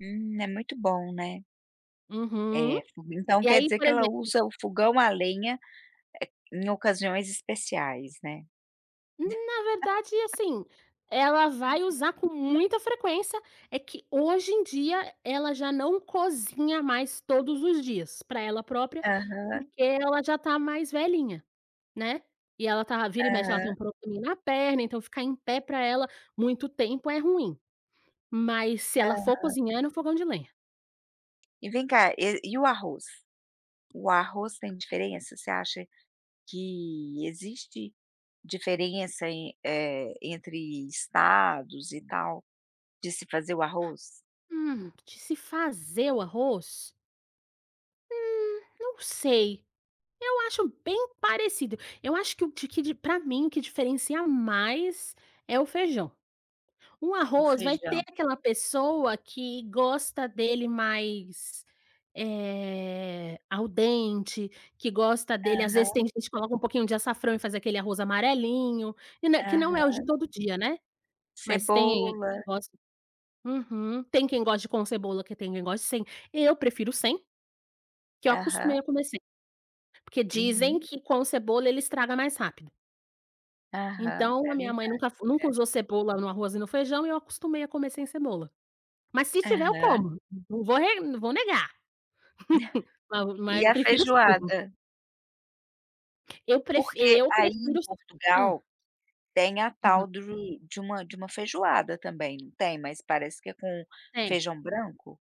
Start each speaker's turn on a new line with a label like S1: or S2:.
S1: Hum, é muito bom, né?
S2: Uhum.
S1: É, fu então,
S2: E,
S1: quer
S2: aí,
S1: dizer
S2: por
S1: que ela
S2: exemplo s
S1: usa o fogão à lenha, eh, em ocasiões especiais, né.
S2: Na verdade, assim, ela vai usar com muita frequência. É que, hoje em dia, ela já não cozinha mais todos os dias, para ela própria,
S1: Aham.
S2: porque ela já está mais velhinha, né. E ela tá vira e mexe ela tem
S1: Aham.
S2: um probleminha na perna, então, ficar em pé para ela muito tempo é ruim. Mas, se ela for
S1: Aham.
S2: cozinhar, é no fogão de lenha.
S1: E vem cá, e e o arroz? O arroz tem diferença? Você acha que existe diferença em eh, entre estados e tal, de se fazer o arroz?
S2: Hum, de se fazer o arroz? Hum, não sei. Eu acho bem parecido. Eu acho que o que di para mim o que diferencia mais é o feijão. O
S1: O
S2: arroz vai ter
S1: feijão.
S2: aquela pessoa que gosta dele mais, eh, al dente, que gosta dele às vezes,
S1: Aham.
S2: tem gente que coloca um pouquinho de açafrão e faz aquele arroz amarelinho, que nã que não é o de
S1: Aham.
S2: todo dia, né, mas tem quem
S1: Cebola.
S2: gosta. Uhum. Tem quem goste com cebola, que tem quem goste sem, eu prefiro sem, que eu
S1: Aham.
S2: acostumei a comer sem. Porque dizem
S1: Uhum.
S2: que com cebola ele estraga mais rápido.
S1: Aham. É
S2: Então, a minha
S1: verdade.
S2: mãe nunca fe nunca
S1: É.
S2: usou cebola no arroz e no feijão e eu acostumei a comer sem cebola. Mas se estiver eu
S1: Aham.
S2: como, não vou re não vou negar, mas
S1: E
S2: mas
S1: a
S2: prefiro sem.
S1: feijoada?
S2: Eu pref
S1: Porque
S2: eu
S1: aí em
S2: prefiro s Hã.
S1: Portugal, tem a
S2: Uhum.
S1: tal de de uma de uma feijoada, também, não tem? Mas parece que é com
S2: Tem.
S1: feijão branco?